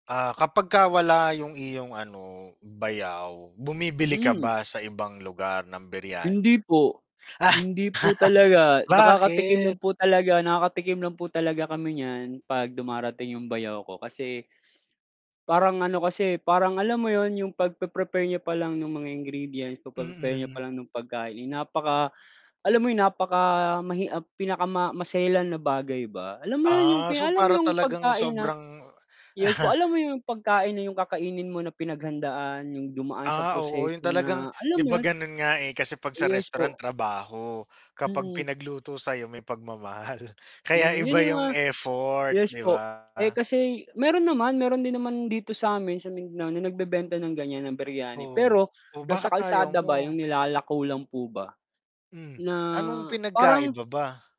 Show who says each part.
Speaker 1: Ah, kapagka wala 'yong iyong, ano, bayaw, bumibili ka
Speaker 2: Hmm.
Speaker 1: ba sa ibang lugar ng biryan
Speaker 2: Hindi po. Hindi po talaga. Nakakatikim
Speaker 1: bakit?
Speaker 2: lang po talaga nakakatikim lang po talaga kami niyan 'pag dumarating 'yong bayaw ko kasi parang ano kasi, parang, alam mo 'yon 'yong pagpe-prepare niya pa lang no'ng mga ingredients, pagpe-prepare niya
Speaker 1: Mm.
Speaker 2: palang ng pagkain, napaka alam mo 'yon, napakamahi ah, pinakama maselan na bagay ba. Alam mo'yon, 'yong
Speaker 1: Ah,
Speaker 2: pi
Speaker 1: so
Speaker 2: alam mo
Speaker 1: para
Speaker 2: 'yong
Speaker 1: talagang
Speaker 2: pagkain na
Speaker 1: sobrang
Speaker 2: yes po, alam mo 'yong pagkain na 'yong kakainin mo na pinaghandaan 'yong dumaan sa
Speaker 1: Ah, oo, 'yong
Speaker 2: proseso na,
Speaker 1: talagang 'di
Speaker 2: alam mo
Speaker 1: ba
Speaker 2: 'yon?
Speaker 1: gano'n nga, eh, kasi 'pag sa
Speaker 2: Yes
Speaker 1: restaurant
Speaker 2: po.
Speaker 1: trabaho, kapag
Speaker 2: Mm.
Speaker 1: pinagluto sa 'yo may pagmamahal, kaya
Speaker 2: Hmm, 'yon
Speaker 1: iba
Speaker 2: 'yong
Speaker 1: 'yong
Speaker 2: mga
Speaker 1: effort,
Speaker 2: yes
Speaker 1: 'di
Speaker 2: po.
Speaker 1: ba?
Speaker 2: Eh, kasi mayro'n naman, mayro'n din naman dito sa 'min sa Mindanao na nagbebenta ng ganiyan, ng biryani.
Speaker 1: Oo.
Speaker 2: Pero
Speaker 1: Oh,
Speaker 2: nasa
Speaker 1: bakit ayaw
Speaker 2: kalsada ba
Speaker 1: mo?
Speaker 2: 'yong nilalako lang po ba,
Speaker 1: Hmm,
Speaker 2: na
Speaker 1: anong
Speaker 2: parang
Speaker 1: pinagkaiba ba?